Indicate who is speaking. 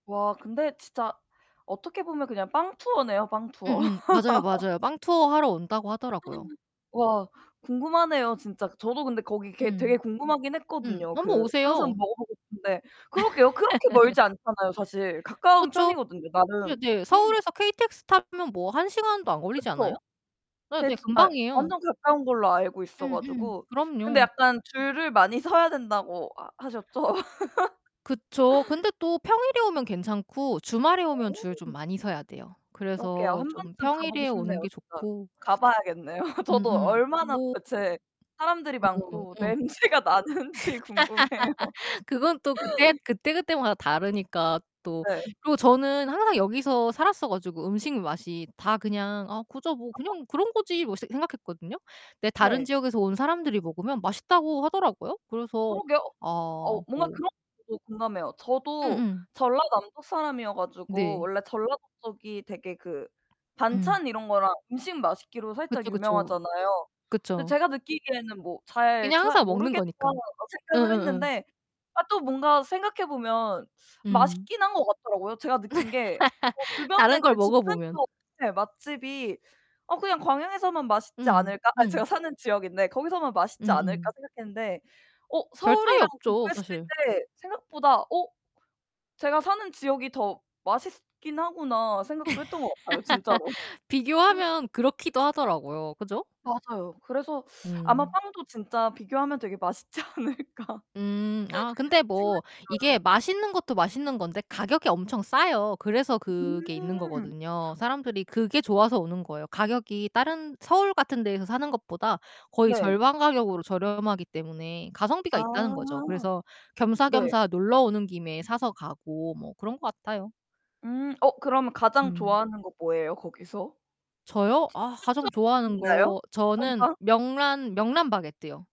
Speaker 1: 와 근데 진짜 어떻게 보면 그냥 빵투어네요. 빵투어.
Speaker 2: 음음 맞아요, 맞아요. 빵투어하러 온다고 하더라고요.
Speaker 1: 와 궁금하네요, 진짜. 저도 근데 거기 개
Speaker 2: 음.
Speaker 1: 되게 궁금하긴
Speaker 2: 음
Speaker 1: 했거든요.
Speaker 2: 한번
Speaker 1: 그 항상
Speaker 2: 오세요.
Speaker 1: 먹어보고 싶은데 그러게요. 그렇게 멀지 않잖아요, 사실. 가까운
Speaker 2: 그쵸.
Speaker 1: 편이거든요,
Speaker 2: 예
Speaker 1: 나름.
Speaker 2: 네, 서울에서 KTX 타면 뭐 1 시간도 안 걸리지 않아요?
Speaker 1: 그쵸.
Speaker 2: 예 네,
Speaker 1: 배츠 아이
Speaker 2: 금방이에요.
Speaker 1: 완전 가까운 걸로 알고 있어
Speaker 2: 음 음.
Speaker 1: 가지고 근데
Speaker 2: 그럼요.
Speaker 1: 약간 줄을 많이 서야 된다고 하 하셨죠?
Speaker 2: 그쵸. 근데 또 평일에 오면 괜찮고 주말에 오면 줄 좀
Speaker 1: 어.
Speaker 2: 많이 서야 돼요.
Speaker 1: 그러게요.
Speaker 2: 그래서
Speaker 1: 1
Speaker 2: 좀
Speaker 1: 번쯤 가보고
Speaker 2: 평일에 오는
Speaker 1: 싶네요,
Speaker 2: 게
Speaker 1: 진짜.
Speaker 2: 좋고
Speaker 1: 가봐야겠네요. 저도
Speaker 2: 음음
Speaker 1: 얼마나
Speaker 2: 뭐
Speaker 1: 도대체 사람들이
Speaker 2: 어
Speaker 1: 많고
Speaker 2: 응.
Speaker 1: 냄새가 나는지 궁금해요.
Speaker 2: 그건 또 그때 그때그때마다 다르니까 또
Speaker 1: 네.
Speaker 2: 그리고 저는 항상 여기서 살았어 가지고 음식 맛이 다 그냥 '아 그저 뭐
Speaker 1: 아.
Speaker 2: 그냥 그런 거지 뭐.' 새 생각했거든요. 근데 다른
Speaker 1: 네.
Speaker 2: 지역에서 온 사람들이 먹으면 맛있다고 하더라고요. 그래서
Speaker 1: 그러게요.
Speaker 2: 아
Speaker 1: 어 뭔가
Speaker 2: 뭐
Speaker 1: 그런 [unintelligible] 공감해요. 저도
Speaker 2: 음음.
Speaker 1: 전라남도 사람이어 가지고
Speaker 2: 네.
Speaker 1: 원래 전라도 쪽이 되게 그
Speaker 2: 음.
Speaker 1: 반찬 이런 거랑 음식 맛있기로 살짝
Speaker 2: 그쵸, 그쵸.
Speaker 1: 유명하잖아요. 근데
Speaker 2: 그쵸.
Speaker 1: 제가 느끼기에는 뭐 잘
Speaker 2: 그냥
Speaker 1: 잘
Speaker 2: 항상 먹는
Speaker 1: 모르겠다
Speaker 2: 거니까.
Speaker 1: [unintelligible] 생각을
Speaker 2: 응응응.
Speaker 1: 했는데 아 또 뭔가 생각해보면
Speaker 2: 음.
Speaker 1: 맛있긴 한 거 같더라고요. 제가 느낀 게 뭐 주변에
Speaker 2: 다른 걸
Speaker 1: 그냥 집
Speaker 2: 먹어보면.
Speaker 1: 근처 네 맛집이 '어 그냥 광양에서만 맛있지
Speaker 2: 응
Speaker 1: 않을까?' 아
Speaker 2: 응.
Speaker 1: 제가 사는 지역인데 거기서만 맛있지 않을까
Speaker 2: 음음.
Speaker 1: 생각했는데 어
Speaker 2: 별 차이
Speaker 1: 서울이랑
Speaker 2: 없죠
Speaker 1: 공부했을
Speaker 2: 사실.
Speaker 1: 때 생각보다 어 제가 사는 지역이 더 맛있긴 하구나 생각도 했던 것 같아요. 진짜로.
Speaker 2: 비교하면 그렇기도 하더라고요. 그죠?
Speaker 1: 맞아요. 그래서 아마
Speaker 2: 음.
Speaker 1: 빵도 진짜 비교하면 되게 맛있지 않을까?
Speaker 2: 음 아 근데 뭐 이게
Speaker 1: [unintelligible]
Speaker 2: 맛있는 것도 맛있는 건데 가격이 엄청 싸요. 그래서 그게 있는
Speaker 1: 음.
Speaker 2: 거거든요. 사람들이 그게 좋아서 오는 거예요. 가격이 다른 서울 같은 데서 사는 것보다 거의
Speaker 1: 네.
Speaker 2: 절반 가격으로 저렴하기 때문에
Speaker 1: 아
Speaker 2: 가성비가 있다는 거죠. 그래서
Speaker 1: 네.
Speaker 2: 겸사겸사 놀러 오는 김에 사서 가고 뭐 그런 것 같아요.
Speaker 1: 음 어 그러면 가장
Speaker 2: 음.
Speaker 1: 좋아하는 거 뭐예요? 거기서?
Speaker 2: 저요? 아
Speaker 1: 추 추천
Speaker 2: 가장 좋아하는
Speaker 1: 있나요?
Speaker 2: 거 저는
Speaker 1: 선빵?
Speaker 2: 명란, 명란 바게트요.